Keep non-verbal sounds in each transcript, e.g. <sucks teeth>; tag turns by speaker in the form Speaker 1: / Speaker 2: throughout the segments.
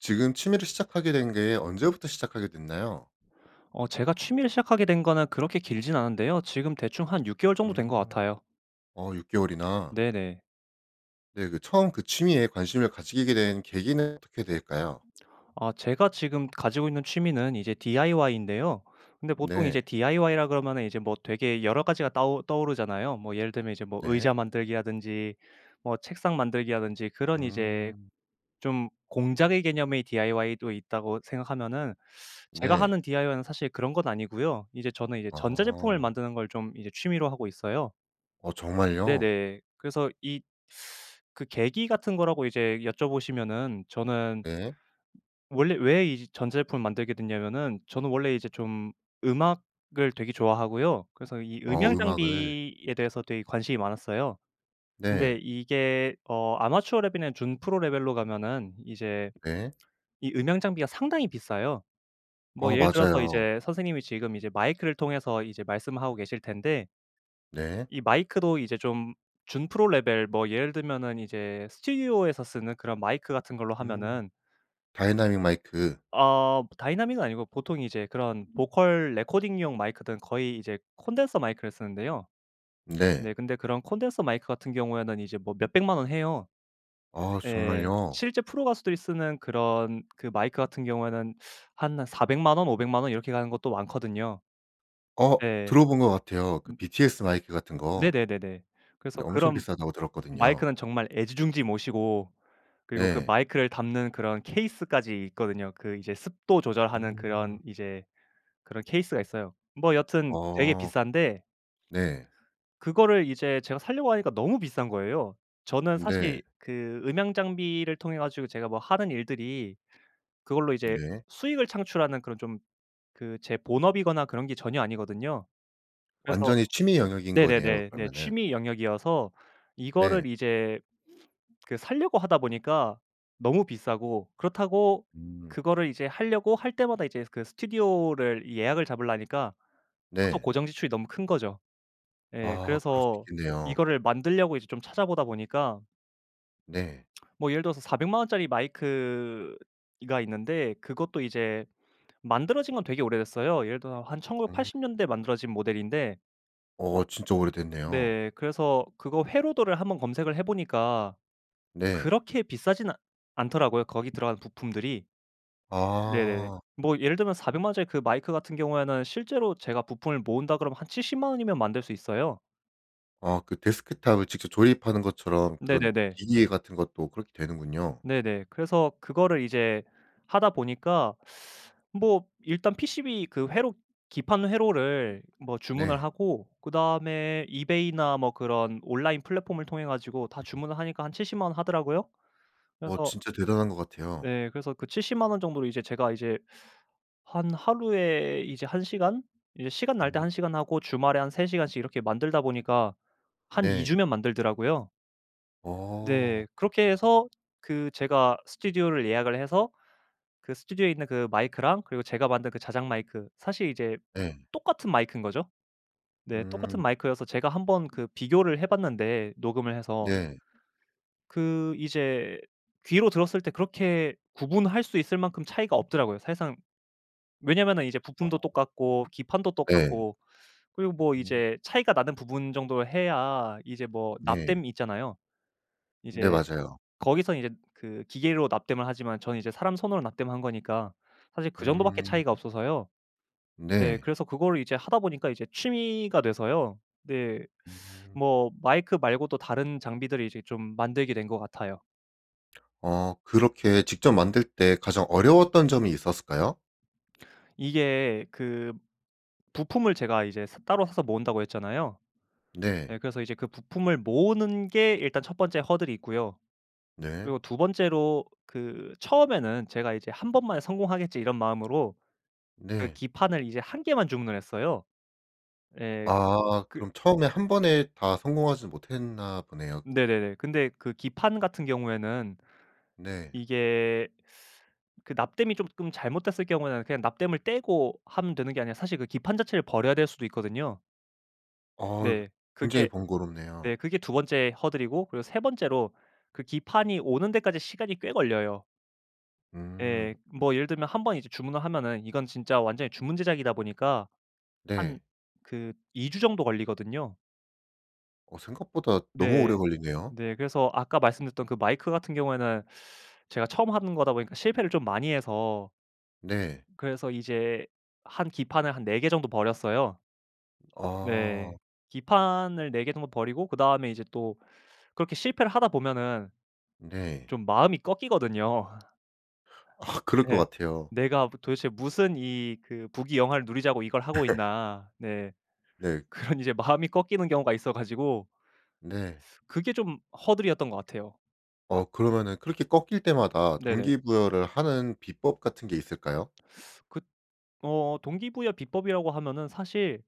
Speaker 1: 지금 취미를 시작하게 된 게 언제부터 시작하게 됐나요?
Speaker 2: 어 제가 취미를 시작하게 된 거는 그렇게 길진 않은데요. 지금 대충 한 6 개월 정도 된 것
Speaker 1: 음.
Speaker 2: 같아요.
Speaker 1: 어 6 개월이나.
Speaker 2: 네네.
Speaker 1: 네. 그 처음 그 취미에 관심을 가지게 된 계기는 어떻게 될까요?
Speaker 2: 아 제가 지금 가지고 있는 취미는 이제 DIY인데요. 근데 보통 이제
Speaker 1: 네.
Speaker 2: DIY라 그러면은 이제 뭐 되게 여러 가지가 따오 떠오르잖아요. 뭐 예를 들면 이제 뭐
Speaker 1: 네.
Speaker 2: 의자 만들기라든지 뭐 책상 만들기라든지 그런 이제
Speaker 1: 음.
Speaker 2: 좀 공작의 개념의 DIY도 있다고 생각하면은 제가
Speaker 1: 네.
Speaker 2: 하는 DIY는 사실 그런 건 아니고요. 이제 저는 이제 전자제품을
Speaker 1: 아.
Speaker 2: 만드는 걸 좀 이제 취미로 하고 있어요.
Speaker 1: 어 정말요?
Speaker 2: 네네. 그래서 이 그 계기 같은 거라고 이제 여쭤 보시면은 저는
Speaker 1: 네.
Speaker 2: 원래 왜 이 전자 제품을 만들게 됐냐하면은 저는 원래 이제 좀 음악을 되게 좋아하고요. 그래서 이
Speaker 1: 어
Speaker 2: 음향
Speaker 1: 음악을.
Speaker 2: 장비에 대해서 되게 관심이 많았어요. 근데
Speaker 1: 네.
Speaker 2: 이게 어 아마추어 레벨이랑 준프로 레벨로 가면은 이제
Speaker 1: 네.
Speaker 2: 이 음향 장비가 상당히 비싸요. 뭐
Speaker 1: 어
Speaker 2: 예를 들어서
Speaker 1: 맞아요.
Speaker 2: 이제 선생님이 지금 이제 마이크를 통해서 이제 말씀하고 계실 텐데
Speaker 1: 네.
Speaker 2: 이 마이크도 이제 좀 준프로 레벨, 뭐 예를 들면은 이제 스튜디오에서 쓰는 그런 마이크 같은 걸로
Speaker 1: 음.
Speaker 2: 하면은
Speaker 1: 다이나믹 마이크.
Speaker 2: 어 다이나믹은 아니고 보통 이제 그런 vocal recording용 마이크들은 거의 이제 콘덴서 마이크를 쓰는데요. 네.
Speaker 1: 네.
Speaker 2: 근데 그런 콘덴서 마이크 같은 경우에는 이제 뭐 몇 1,000,000 원 해요.
Speaker 1: 아
Speaker 2: 예.
Speaker 1: 정말요?
Speaker 2: 실제 프로 가수들이 쓰는 그런 그 마이크 같은 경우에는 한, 한 4,000,000 원, 5,000,000 원 이렇게 가는 것도 많거든요.
Speaker 1: 어.
Speaker 2: 네.
Speaker 1: 들어본 것 같아요 그
Speaker 2: 음.
Speaker 1: BTS 마이크 같은 거.
Speaker 2: 네네네네. 그래서
Speaker 1: 근데 엄청
Speaker 2: 그런
Speaker 1: 비싸다고 들었거든요.
Speaker 2: 마이크는 정말 애지중지 모시고 그리고 그
Speaker 1: 네.
Speaker 2: 마이크를 담는 그런 케이스까지 있거든요. 그 이제 습도 조절하는 그런
Speaker 1: 음.
Speaker 2: 이제 그런 케이스가 있어요. 뭐 여튼 되게
Speaker 1: 어
Speaker 2: 비싼데
Speaker 1: 네.
Speaker 2: 그거를 이제 제가 사려고 하니까 너무 비싼 거예요. 저는 사실
Speaker 1: 네.
Speaker 2: 그 음향 장비를 통해 가지고 제가 뭐 하는 일들이 그걸로 이제
Speaker 1: 네.
Speaker 2: 수익을 창출하는 그런 좀 그 제 본업이거나 그런 게 전혀 아니거든요. 그래서
Speaker 1: 완전히 취미 영역인 거네요
Speaker 2: 네네네네
Speaker 1: 그러면은.
Speaker 2: 취미 영역이어서
Speaker 1: 네.
Speaker 2: 이거를 이제 그 사려고 하다 보니까 너무 비싸고 그렇다고
Speaker 1: 음.
Speaker 2: 그거를 이제 하려고 할 때마다 이제 그 스튜디오를 예약을 잡으려니까 하도
Speaker 1: 네.
Speaker 2: 고정 지출이 너무 큰 거죠. 예
Speaker 1: 아 그럴 수도
Speaker 2: 그래서
Speaker 1: 있겠네요.
Speaker 2: 이거를 만들려고 이제 좀 찾아 보다 보니까
Speaker 1: 네.
Speaker 2: <smacks lips> 뭐 예를 들어서 400 만 원짜리 마이크 이 가 있는데 그것도 이제 만들어진 건 되게 오래됐어요. 예를 들어서 한
Speaker 1: 아.
Speaker 2: 1980 년대에 만들어진 모델인데
Speaker 1: 어 진짜 오래됐네요.
Speaker 2: 네. 그래서 그거 회로도를 한번 검색을 해 보니까
Speaker 1: 네.
Speaker 2: 그렇게 비싸진 않 않더라고요 거기 들어간 부품들이. 네네.
Speaker 1: 아.
Speaker 2: 뭐 예를 들면 400 만 원짜리 그 마이크 같은 경우에는 실제로 제가 부품을 모은다 그러면 한 70 만 원이면 만들 수 있어요.
Speaker 1: 아 그 데스크톱을 직접 조립하는 것처럼 그런
Speaker 2: 네네네.
Speaker 1: 기계 같은 것도 그렇게 되는군요.
Speaker 2: 네네. 그래서 그거를 이제 하다 보니까 <sucks teeth> 뭐 일단 PCB 그 회로 기판 회로를 뭐 주문을
Speaker 1: 네.
Speaker 2: 하고 그 다음에 eBay나 뭐 그런 온라인 플랫폼을 통해 가지고 다
Speaker 1: 음.
Speaker 2: 주문을 하니까 한 70 만 원 하더라고요.
Speaker 1: 어
Speaker 2: 그래서
Speaker 1: 진짜 대단한 것 같아요.
Speaker 2: 네. 그래서 그 70 만 원 정도로 이제 제가 이제 한 하루에 이제 1 시간 이제 시간 날 때 1
Speaker 1: 어.
Speaker 2: 시간 하고 주말에 한 3 시간씩 이렇게 만들다 보니까 한 2
Speaker 1: 네.
Speaker 2: 주면 만들더라고요.
Speaker 1: 어.
Speaker 2: 네. 그렇게 해서 그 제가 스튜디오를 예약을 해서 그 스튜디오에 있는 그 마이크랑 그리고 제가 만든 그 자작 마이크 사실 이제
Speaker 1: 예.
Speaker 2: 똑같은 마이크인 거죠. 네. 똑같은
Speaker 1: 음.
Speaker 2: 마이크여서 제가 한번 그 비교를 해 봤는데 녹음을 해서
Speaker 1: 네.
Speaker 2: 그 이제 귀로 들었을 때 그렇게 구분할 수 있을 만큼 차이가 없더라고요. 사실상 왜냐하면은 이제 부품도
Speaker 1: 아.
Speaker 2: 똑같고 기판도
Speaker 1: 네.
Speaker 2: 똑같고. 그리고 뭐
Speaker 1: 음.
Speaker 2: 이제 차이가 나는 부분 정도 해야 이제 뭐
Speaker 1: 네.
Speaker 2: 납땜 있잖아요. 이제
Speaker 1: 네 맞아요.
Speaker 2: 거기서 이제 그 기계로 납땜을 하지만 저는 이제 사람 손으로 납땜을 한 거니까 사실 그 정도 밖에
Speaker 1: 음.
Speaker 2: 차이가 없어서요. 예.
Speaker 1: 네.
Speaker 2: 그래서 그거를 이제 하다 보니까 이제 취미가 돼서요. 네.
Speaker 1: 음.
Speaker 2: 뭐 마이크 말고도 다른 장비들을 이제 좀 만들게 된 것 같아요.
Speaker 1: 아 그렇게 직접 만들 때 가장 어려웠던 점이 있었을까요?
Speaker 2: 이게 그 부품을 제가 이제 사 따로 사서 모은다고 했잖아요. 네
Speaker 1: 네.
Speaker 2: 그래서 이제 그 부품을 모으는 게 일단 1 번째 허들이고요.
Speaker 1: 네.
Speaker 2: 그리고 2 번째로 그 처음에는 제가 이제 '1 번만에 성공하겠지.' 이런 마음으로 그
Speaker 1: 네.
Speaker 2: 기판을 이제 1 개만 주문을 했어요. 예.
Speaker 1: 아.
Speaker 2: 그
Speaker 1: 그럼 처음에 1 번에 다 성공하지 못했나 보네요.
Speaker 2: 네네네. 근데 그 기판 같은 경우에는
Speaker 1: 네.
Speaker 2: 이게 <sucks teeth> 그 납땜이 쪼금 잘못됐을 경우에는 그냥 납땜을 떼고 하면 되는 게 아니라 사실 그 기판 자체를 버려야 될 수도 있거든요.
Speaker 1: 어 그
Speaker 2: 네.
Speaker 1: 굉장히
Speaker 2: 그게 네
Speaker 1: 번거롭네요.
Speaker 2: 그게 2 번째 허들이고 그리고 3 번째로 그 기판이 오는 데까지 시간이 꽤 걸려요. 예.
Speaker 1: 음.
Speaker 2: 뭐 예를 들면 1 번 이제 주문을 하면은 이건 진짜 완전히 주문 제작이다 보니까 한
Speaker 1: 네.
Speaker 2: 그 2 주 정도 걸리거든요.
Speaker 1: 어 생각보다 너무 오래
Speaker 2: 네.
Speaker 1: 걸리네요.
Speaker 2: 네 그래서 아까 말씀드렸던 그 마이크 같은 경우에는 제가 처음 하는 거다 보니까 실패를 좀 많이 해서
Speaker 1: 네.
Speaker 2: 그래서 이제 한 기판을 한 4 개 정도 버렸어요.
Speaker 1: 아.
Speaker 2: 네. 기판을 4 개 정도 버리고 그 다음에 이제 또 그렇게 실패를 하다 보면은
Speaker 1: 네.
Speaker 2: 좀 마음이 꺾이거든요.
Speaker 1: 아 그럴 것
Speaker 2: 네.
Speaker 1: 같아요.
Speaker 2: '내가 도 도대체 무슨 이 그 부귀영화를 누리자고 이걸 하고 있나.' 네.
Speaker 1: <laughs> 네.
Speaker 2: 그런 이제 마음이 꺾이는 경우가 있어가지고
Speaker 1: 네.
Speaker 2: 그게 좀 허들이었던 것 같아요.
Speaker 1: 어 그러면은 그렇게 꺾일 때마다
Speaker 2: 네네.
Speaker 1: 동기부여를 하는 비법 같은 게 있을까요?
Speaker 2: 그 어 동기부여 비법이라고 하면은 사실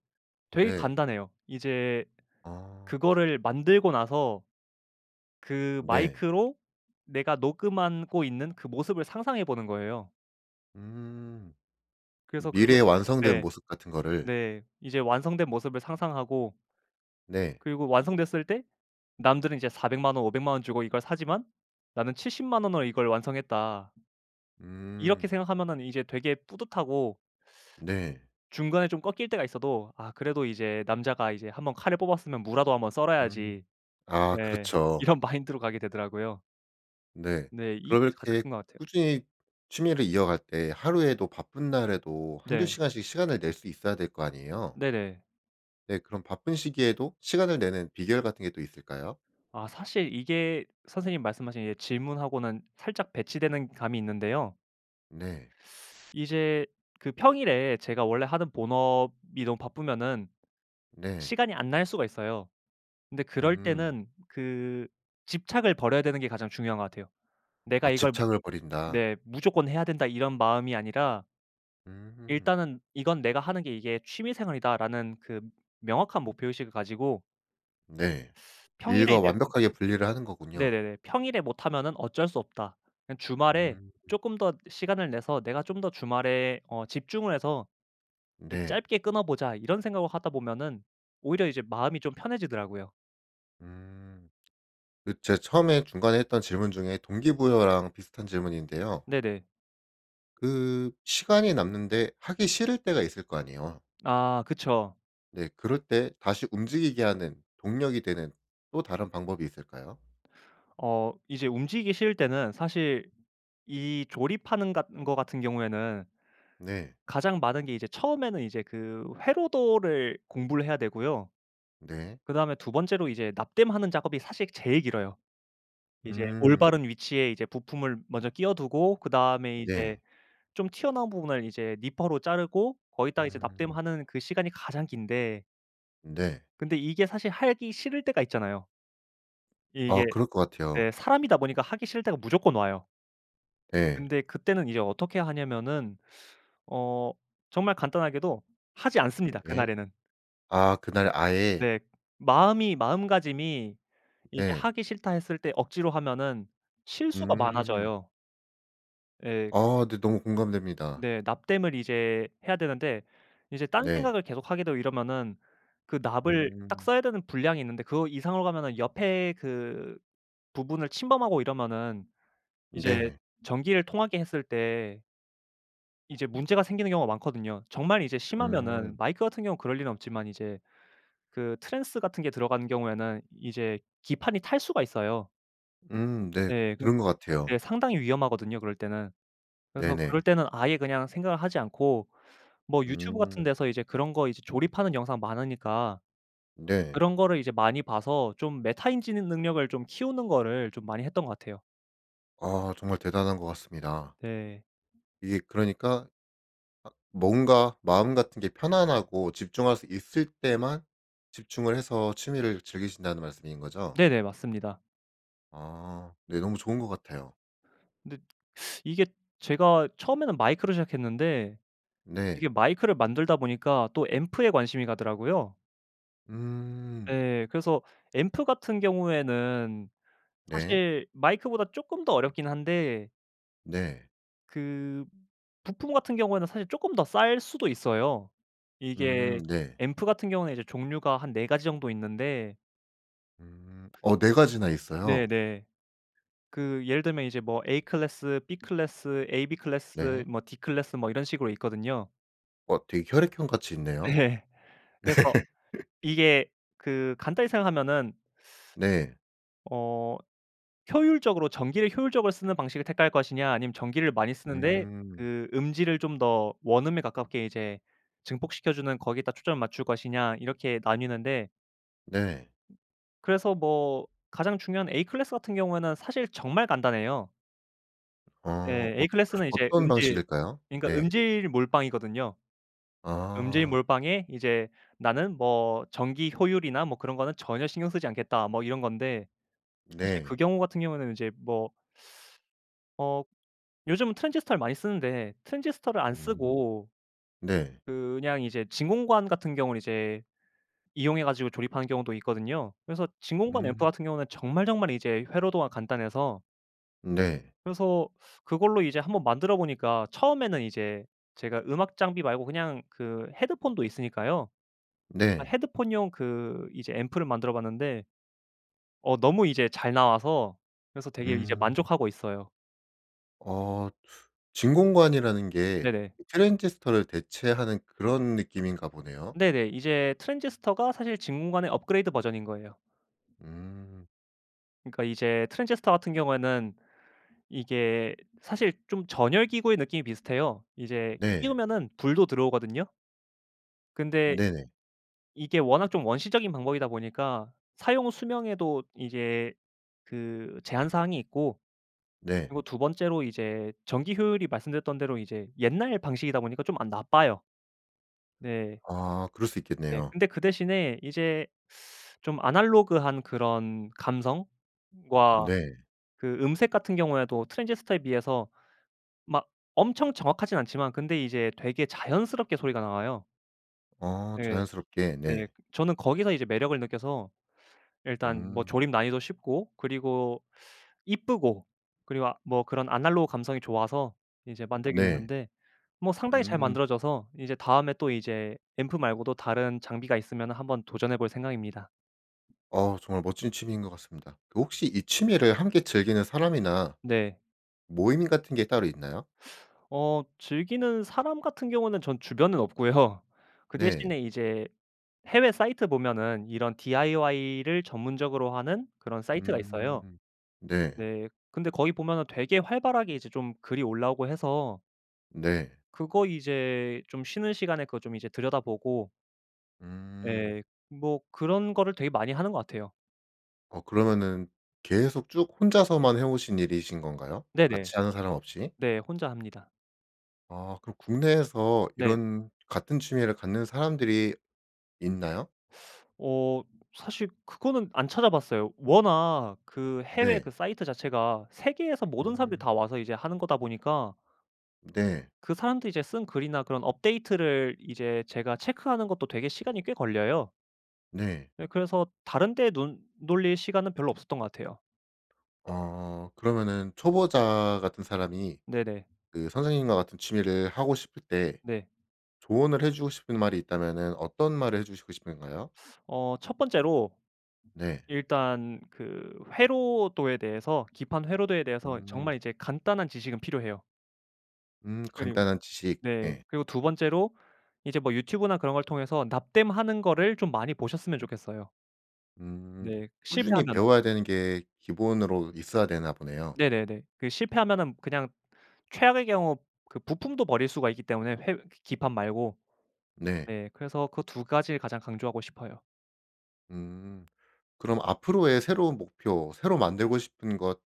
Speaker 2: 되게
Speaker 1: 네.
Speaker 2: 간단해요. 이제
Speaker 1: 아.
Speaker 2: 그거를 만들고 나서 그
Speaker 1: 네.
Speaker 2: 마이크로 내가 녹음한 고 있는 그 모습을 상상해 보는 거예요.
Speaker 1: 음.
Speaker 2: 그래서 그거
Speaker 1: 미래에 완성된
Speaker 2: 네.
Speaker 1: 모습 같은 거를
Speaker 2: 네. 이제 완성된 모습을 상상하고
Speaker 1: 네.
Speaker 2: 그리고 완성됐을 때 남들은 이제 4,000,000 원, 5,000,000 원 주고 이걸 사지만 나는 700,000 원으로 이걸 완성했다. 이렇게
Speaker 1: 음.
Speaker 2: 생각하면은 이제 되게 뿌듯하고
Speaker 1: 네.
Speaker 2: 중간에 좀 꺾일 때가 있어도 아 그래도 이제 "남자가 이제 1 번 칼을 뽑았으면 무라도 1 번
Speaker 1: 음.
Speaker 2: 썰어야지."
Speaker 1: 아
Speaker 2: 네
Speaker 1: 그렇죠.
Speaker 2: 이런 마인드로 가게 되더라고요.
Speaker 1: 네.
Speaker 2: 네. 이게
Speaker 1: 그럼
Speaker 2: 가장
Speaker 1: 이렇게
Speaker 2: 큰 것 같아요.
Speaker 1: 꾸준히 취미를 이어갈 때 하루에도 바쁜 날에도 1-2
Speaker 2: 네.
Speaker 1: 시간씩 시간을 낼 수 있어야 될 거 아니에요?
Speaker 2: 네네.
Speaker 1: 네. 그럼 바쁜 시기에도 시간을 내는 비결 같은 게 또 있을까요?
Speaker 2: 아 사실 이게 선생님 말씀하신 질문하고는 살짝 배치되는 감이 있는데요.
Speaker 1: 네.
Speaker 2: 이제 그 평일에 제가 원래 하던 본업이 너무 바쁘면은
Speaker 1: 네.
Speaker 2: 시간이 안 날 수가 있어요. 근데 그럴
Speaker 1: 음.
Speaker 2: 때는 그 집착을 버려야 되는 게 가장 중요한 것 같아요. 내가
Speaker 1: 아
Speaker 2: 이걸
Speaker 1: 집착을 버린다.
Speaker 2: 네. '무조건 해야 된다.' 이런 마음이 아니라
Speaker 1: 음.
Speaker 2: '일단은 이건 내가 하는 게 이게 취미 생활이다.'라는 그 명확한 목표 의식을 가지고
Speaker 1: 네.
Speaker 2: <sucks teeth> 평일에
Speaker 1: 일과
Speaker 2: 이제 음
Speaker 1: 완벽하게 분리를 하는 거군요.
Speaker 2: 네네네. '평일에 못하면은 어쩔 수 없다. 그냥 주말에
Speaker 1: 음.
Speaker 2: 쪼끔 더 시간을 내서 내가 좀 더 주말에 어 집중을 해서 그
Speaker 1: 네.
Speaker 2: 짧게 끊어보자.' 이런 생각을 하다 보면은 오히려 이제 마음이 좀 편해지더라고요.
Speaker 1: 음. 그 제가 처음에 중간에 했던 질문 중에 동기부여랑 비슷한 질문인데요.
Speaker 2: 네네.
Speaker 1: 그 시간이 남는데 하기 싫을 때가 있을 거 아니에요.
Speaker 2: 아 그쵸.
Speaker 1: 네. 그럴 때 다시 움직이게 하는 동력이 되는 또 다른 방법이 있을까요?
Speaker 2: 어 이제 움직이기 싫을 때는 사실 이 조립하는 같 은거 같은 경우에는
Speaker 1: 네.
Speaker 2: 가장 많은 게 이제 처음에는 이제 그 회로도를 공부를 해야 되고요.
Speaker 1: 네.
Speaker 2: 그다음에 2 번째로 이제 납땜하는 작업이 사실 제일 길어요. 이제
Speaker 1: 음.
Speaker 2: 올바른 위치에 이제 부품을 먼저 끼워두고 그다음에 이제
Speaker 1: 네.
Speaker 2: 좀 튀어나온 부분을 이제 니퍼로 자르고 거기다 이제
Speaker 1: 음.
Speaker 2: 납땜하는 그 시간이 가장 긴데
Speaker 1: 네.
Speaker 2: 근데 이게 사실 하기 싫을 때가 있잖아요.
Speaker 1: 아
Speaker 2: 이게
Speaker 1: 그럴 것 같아요.
Speaker 2: 네 사람이다 보니까 하기 싫을 때가 무조건 와요.
Speaker 1: 예.
Speaker 2: 근데 그때는 이제 어떻게 하냐면은 어 정말 간단하게도 하지 않습니다
Speaker 1: 네.
Speaker 2: 그날에는.
Speaker 1: 아 그날 아예.
Speaker 2: 네. 마음이 마음가짐이 이제
Speaker 1: 예.
Speaker 2: '하기 싫다.' 했을 때 억지로 하면은 실수가
Speaker 1: 음.
Speaker 2: 많아져요. 예.
Speaker 1: 아 네 너무 공감됩니다.
Speaker 2: 네. 납땜을 이제 해야 되는데 이제 딴
Speaker 1: 네.
Speaker 2: 생각을 계속하게 되고 이러면은 그 납을 딱
Speaker 1: 음.
Speaker 2: 써야 되는 분량이 있는데 그 이상으로 가면은 옆에 그 부분을 침범하고 이러면은 이제
Speaker 1: 네.
Speaker 2: 전기를 통하게 했을 때 이제 문제가 생기는 경우가 많거든요. 정말 이제 심하면은
Speaker 1: 음.
Speaker 2: 마이크 같은 경우는 그럴 리는 없지만 이제 그 trans 같은 게 들어가는 경우에는 이제 기판이 탈 수가 있어요.
Speaker 1: 음 네.
Speaker 2: 예 그
Speaker 1: 들은 것
Speaker 2: 네
Speaker 1: 같아요.
Speaker 2: 상당히 위험하거든요 그럴 때는. 그래서 그럴
Speaker 1: 네네.
Speaker 2: 때는 아예 그냥 생각을 하지 않고 뭐 유튜브 같은
Speaker 1: 음.
Speaker 2: 데서 이제 그런 거 이제 조립하는 영상 많으니까
Speaker 1: 네.
Speaker 2: 그런 거를 이제 많이 봐서 좀 메타인지 능 능력을 좀 키우는 거를 좀 많이 했던 것 같아요.
Speaker 1: 아 정말 대단한 것 같습니다.
Speaker 2: 네.
Speaker 1: 이게 그러니까 아 뭔가 마음 같은 게 편안하고 집중할 수 있을 때만 집중을 해서 취미를 즐기신다는 말씀인 거죠?
Speaker 2: 네네. 맞습니다.
Speaker 1: 아. 네 너무 좋은 것 같아요.
Speaker 2: 근데 <sucks teeth> 이게 제가 처음에는 마이크로 시작했는데
Speaker 1: 네.
Speaker 2: 이게 마이크를 만들다 보니까 또 앰프에 관심이 가더라고요.
Speaker 1: 음.
Speaker 2: 예 그래서 앰프 같은 경우에는
Speaker 1: 네.
Speaker 2: 사실 마이크보다 쪼끔 더 어렵긴 한데
Speaker 1: 네.
Speaker 2: 그 부품 같은 경우에는 사실 쪼끔 더 쌀 수도 있어요.
Speaker 1: 음
Speaker 2: 이게
Speaker 1: 네.
Speaker 2: 앰프 같은 경우에는 이제 종류가 한 4 가지 정도 있는데.
Speaker 1: 음. 어 4 가지나 있어요?
Speaker 2: 네네. 그 예를 들면 이제 뭐 A클래스, B클래스, AB클래스,
Speaker 1: 네.
Speaker 2: 뭐 D클래스 뭐 이런 식으로 있거든요.
Speaker 1: 어 되게 혈액형 같이 있네요.
Speaker 2: 네.
Speaker 1: 네.
Speaker 2: 그래서
Speaker 1: <laughs>
Speaker 2: 이게 그 간단히 생각하면은
Speaker 1: 네.
Speaker 2: <sucks teeth> 어 효율적으로 전기를 효율적으로 쓰는 방식을 택할 것이냐 아니면 전기를 많이 쓰는데
Speaker 1: 음.
Speaker 2: 그 음질을 좀 더 원음에 가깝게 이제 증폭시켜 주는 거기에다 초점을 맞출 것이냐 이렇게 나뉘는데.
Speaker 1: 네.
Speaker 2: 그래서 뭐 가장 중요한 A클래스 같은 경우에는 사실 정말 간단해요.
Speaker 1: 어.
Speaker 2: 예.
Speaker 1: 어
Speaker 2: A클래스는 이제
Speaker 1: 어떤
Speaker 2: 음질
Speaker 1: 방식일까요?
Speaker 2: 그러니까
Speaker 1: 네.
Speaker 2: 음질 몰빵이거든요. 음질
Speaker 1: 아.
Speaker 2: 몰빵에 이제 뭐 '전기 효율이나 뭐 그런 거는 전혀 신경 쓰지 않겠다.' 뭐 이런 건데 사실 그
Speaker 1: 네.
Speaker 2: 경우 같은 경우는 이제 뭐 어. 요즘은 트랜지스터를 많이 쓰는데 트랜지스터를 안
Speaker 1: 음.
Speaker 2: 쓰고
Speaker 1: 네.
Speaker 2: 그냥 이제 진공관 같은 경우를 이제 이용해 가지고 조립하는 경우도 있거든요. 그래서 진공관 앰프
Speaker 1: 음.
Speaker 2: 같은 경우에는 정말, 정말 이제 회로도가 간단해서
Speaker 1: 네.
Speaker 2: 그래서 그걸로 이제 1 번 만들어 보니까 처음에는 이제 제가 음악 장비 말고 그냥 그 헤드폰도 있으니까요. 아
Speaker 1: 네.
Speaker 2: 헤드폰용 그 이제 앰프를 만들어 봤는데 어 너무 이제 잘 나와서 그래서 되게 이제
Speaker 1: 음.
Speaker 2: 만족하고 있어요.
Speaker 1: 어. 진공관이라는 게
Speaker 2: 네네.
Speaker 1: 트랜지스터를 대체하는 그런 느낌인가 보네요.
Speaker 2: 네네. 이제 트랜지스터가 사실 진공관의 업그레이드 버전인 거예요.
Speaker 1: 음.
Speaker 2: 그러니까 이제 트랜지스터 같은 경우에는 이게 사실 좀 전열 기구의 느낌이 비슷해요. 이제
Speaker 1: 네.
Speaker 2: 끼우면은 불도 들어오거든요. 근데
Speaker 1: 네네.
Speaker 2: 이게 워낙 좀 원시적인 방법이다 보니까 사용 수명에도 이게 그 제한 사항이 있고.
Speaker 1: 네.
Speaker 2: 그리고 2 번째로 이제 전기 효율이 말씀드렸던 대로 이제 옛날 방식이다 보니까 좀 안 나빠요. 네.
Speaker 1: 아. 그럴 수
Speaker 2: 네.
Speaker 1: 있겠네요.
Speaker 2: 근데 그 대신에 이제 <sucks teeth> 좀 아날로그한 그런 감성과
Speaker 1: 네.
Speaker 2: 그 음색 같은 경우에도 트랜지스터에 비해서 막 엄청 정확하진 않지만 근데 이제 되게 자연스럽게 소리가 나와요.
Speaker 1: 어
Speaker 2: 예.
Speaker 1: 자연스럽게.
Speaker 2: 네.
Speaker 1: 네.
Speaker 2: 저는 거기서 이제 매력을 느껴서 일단 뭐
Speaker 1: 음.
Speaker 2: 조립 난이도 쉽고 그리고 이쁘고. 그리고 아 뭐 그런 아날로그 감성이 좋아서 이제 만들게
Speaker 1: 네.
Speaker 2: 됐는데 뭐 상당히 잘
Speaker 1: 음.
Speaker 2: 만들어져서 이제 다음에 또 이제 앰프 말고도 다른 장비가 있으면 한번 도전해 볼 생각입니다.
Speaker 1: 어우 정말 멋진 취미인 것 같습니다. 그 혹시 이 취미를 함께 즐기는 사람이나
Speaker 2: 네.
Speaker 1: 모임 같은 게 따로 있나요?
Speaker 2: <sucks teeth> 어. 즐기는 사람 같은 경우에는 전 주변은 없고요. 그
Speaker 1: 네.
Speaker 2: 대신에 이제 해외 사이트 보면은 이런 DIY를 전문적으로 하는 그런 사이트가 있어요.
Speaker 1: 음. 네.
Speaker 2: 네. 근데 거기 보면은 되게 활발하게 이제 좀 글이 올라오고 해서...
Speaker 1: 네.
Speaker 2: 그거 이제 좀 쉬는 시간에 그거 좀 이제 들여다 보고
Speaker 1: 음.
Speaker 2: 예. 뭐 그런 거를 되게 많이 하는 것 같아요.
Speaker 1: 어 그러면은 계속 쭉 혼자서만 해 오신 일이신 건가요?
Speaker 2: 네네.
Speaker 1: 같이 하는 사람 없이?
Speaker 2: 네. 혼자 합니다.
Speaker 1: 아 그럼 국내에서
Speaker 2: 네.
Speaker 1: 이런 같은 취미를 갖는 사람들이 있나요?
Speaker 2: 어 사실 그거는 안 찾아 봤어요. 워낙 그 해외
Speaker 1: 네.
Speaker 2: 그 사이트 자체가 세계에서 모든 사람들이
Speaker 1: 음.
Speaker 2: 다 와서 이제 하는 거다 보니까
Speaker 1: 네.
Speaker 2: 그 사람들이 이제 쓴 글이나 그런 업데이트를 이제 제가 체크하는 것도 되게 시간이 꽤 걸려요.
Speaker 1: 네.
Speaker 2: 예 그래서 다른 데 눈 돌릴 시간은 별로 없었던 것 같아요.
Speaker 1: 아 그러면은 초보자 같은 사람이
Speaker 2: 네네.
Speaker 1: 그 선생님과 같은 취미를 하고 싶을 때
Speaker 2: 네.
Speaker 1: 조언을 해 주고 싶은 말이 있다면은 어떤 말을 해 주시고 싶은가요?
Speaker 2: 어 1 번째로
Speaker 1: 네.
Speaker 2: 일단 그 회로도에 대해서 기판 회로도에 대해서 정말
Speaker 1: 음.
Speaker 2: 이제 간단한 지식은 필요해요.
Speaker 1: 음
Speaker 2: 그리고
Speaker 1: 간단한 지식.
Speaker 2: 네
Speaker 1: 예.
Speaker 2: 그리고 2 번째로 이제 뭐 유튜브나 그런 걸 통해서 납땜하는 거를 좀 많이 보셨으면 좋겠어요.
Speaker 1: 음.
Speaker 2: 네
Speaker 1: 꾸준히
Speaker 2: 실패하면은
Speaker 1: 배워야 되는 게 기본으로 있어야 되나 보네요.
Speaker 2: 네네네. 그 실패하면은 그냥 최악의 경우 그 부품도 버릴 수가 있기 때문에 회 기판 말고
Speaker 1: 네.
Speaker 2: 네 그래서 그 2 가지를 가장 강조하고 싶어요.
Speaker 1: 음. 그럼 앞으로의 새로운 목표 새로 만들고 싶은 것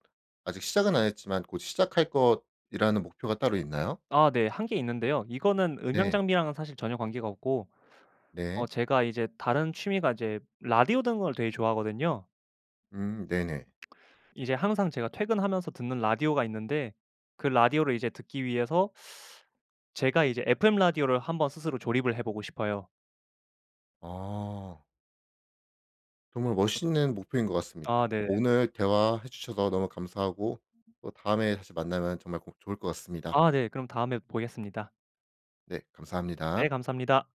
Speaker 1: 아직 시작은 안 했지만 곧 시작할 것이라는 목표가 따로 있나요?
Speaker 2: 아 네. 1 개 있는데요. 이거는 음향
Speaker 1: 네.
Speaker 2: 장비랑은 사실 전혀 관계가 없고 어
Speaker 1: 네.
Speaker 2: 제가 이제 다른 취미가 이제 라디오 듣는 걸 되게 좋아하거든요.
Speaker 1: 음 네네.
Speaker 2: 이제 항상 제가 퇴근하면서 듣는 라디오가 있는데 그 라디오를 이제 듣기 위해서 <sucks teeth> 제가 이제 FM 라디오를 한번 스스로 조립을 해 보고 싶어요.
Speaker 1: 아. 정말 멋있는 목표인 것
Speaker 2: 아
Speaker 1: 같습니다.
Speaker 2: 네.
Speaker 1: 오늘 대화해 주셔서 너무 감사하고 또 다음에 다시 만나면 정말 꼭 좋을 것 같습니다.
Speaker 2: 아 네. 그럼 다음에 보겠습니다.
Speaker 1: 네.
Speaker 2: 네
Speaker 1: 감사합니다.
Speaker 2: 감사합니다.